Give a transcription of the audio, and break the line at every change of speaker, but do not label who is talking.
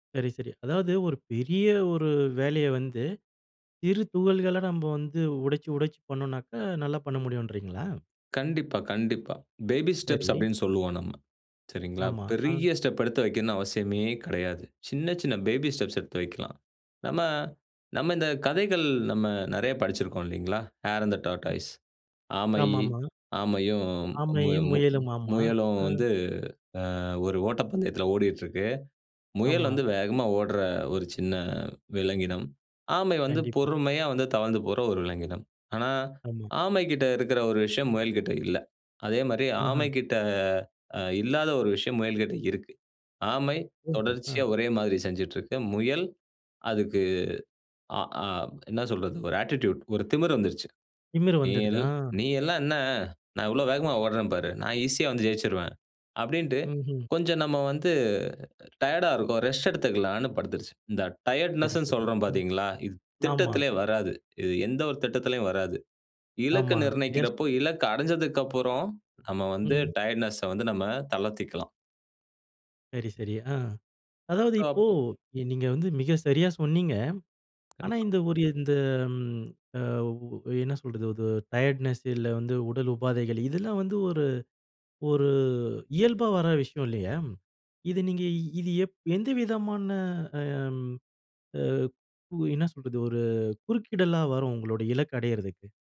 சரி, சரி. அதாவது ஒரு பெரிய ஒரு வேலையை வந்து, சிறு துகள்களா நம்ப வந்து உடைச்சு உடைச்சி பண்ணோம்னாக்க, நல்லா பண்ண முடியும்ன்றீங்களா?
கண்டிப்பா, கண்டிப்பா பேபி ஸ்டெப்ஸ்
சரி.
அப்டின்னு சொல்லுவோம் நம்ம சரிங்களா?
ஆமா. ஆ.
பெரிய ஸ்டெப் எடுத்து வைக்கணும்னு அவசியமே கிடையாது. சின்ன சின்ன பேபி ஸ்டெப்ஸ் எடுத்து வைக்கலாம். நம்ம நம்ம இந்த கதைகள், நம்ம நிறைய படிச்சிருக்கோம் இல்லிங்களா? ஹேர் இன் தே
ம்.
டார்டாஸ் ஆமை
ஆமாமா.
ஆமையும் மு
ஆமையும், முயலும், ஆமா.
முயலும்
ஆ.
வந்து ஆ ஒரு ஓட்டப்பந்தயத்தில ஓடிட்டு இருக்கு. முயல்
ஆமா.
வந்து வேகமா ஓடுற ஒரு சின்ன விலங்கினம். ஆமை வந்து
கண்டிப்பா.
பொறுமையா வந்து தவழ்ந்து போற ஒரு விலங்கினம். ஆனா,
ஆமா.
ஆமைகிட்ட இருக்கிற ஒரு விஷயம் முயல் கிட்ட இல்ல. அதே மாரி
ம்ஹ்ம்.
ஆமைக்கிட்ட ஆ இல்லாத ஒரு விஷயம் முயல் கிட்ட இருக்கு. ஆமை
ஓஹோ! அ.
தொடர்ச்சியா ஒரே மாதிரி செஞ்சுட்டு இருக்கு. முயல் அதுக்கு அ ஆ என்ன சொல்றது, ஒரு ஆட்டிட்யூடு ஒரு திமிர் வந்துருச்சு.
திமிரு
நீ
வந்துடுது
எல்
ஆ.
நீ எல்லாம் என்ன, நான் எவ்ளோ வேகமா ஓட்றேன் பாரு நான் ஈசியா வந்து ஜெயிச்சுருவேன் அப்டின்ட்டு
ம்ஹ்ம்.
கொஞ்சம் நம்ம வந்து டயர்ட்டா இருக்கோம் ரெஸ்ட் எடுத்துக்கலாம்னு படுத்துருச்சு. இந்த
சரி,
டயர்ட்னெஸ்னு
சரி.
சொல்றோம்
ம்.
பார்த்தீங்களா? இது
ஆமா.
திட்டத்திலே வராது. இது எந்த ஒரு திட்டத்திலேயும் வராது. இலக்கு
ஆமா, சரியா
நிர்ணயிக்கிறப்போ,
சொன்னீங்க.
இலக்கு அடைஞ்சதுக்கப்புறம், நம்ம வந்து
ம்.
டயர்ட்னெஸ்ஸ வந்து நம்ம தளர்த்திக்கலாம்.
சரி, சரி, ஆ. அதாவது இப்போ,
டாப்பு.
நீங்க வந்து மிக சரியா சொன்னீங்க. ஆனா
கண்டிப்பா.
இந்த ஒரு இந்த ம் அ ஒ என்ன சொல்றது அது டயர்ட்னெஸ் இல்ல வந்து உடல் உபாதைகள். இதெல்லாம் வந்து ஒரு ஒரு இயல்பா வர விஷயம் இல்லையா? இத நீங்க இது எப் எந்த விதமான ஆ அ கு என்ன சொல்றது ஒரு, குறுக்கிடலா வரும் உங்களோட இலக்கு அடையிறதுக்கு?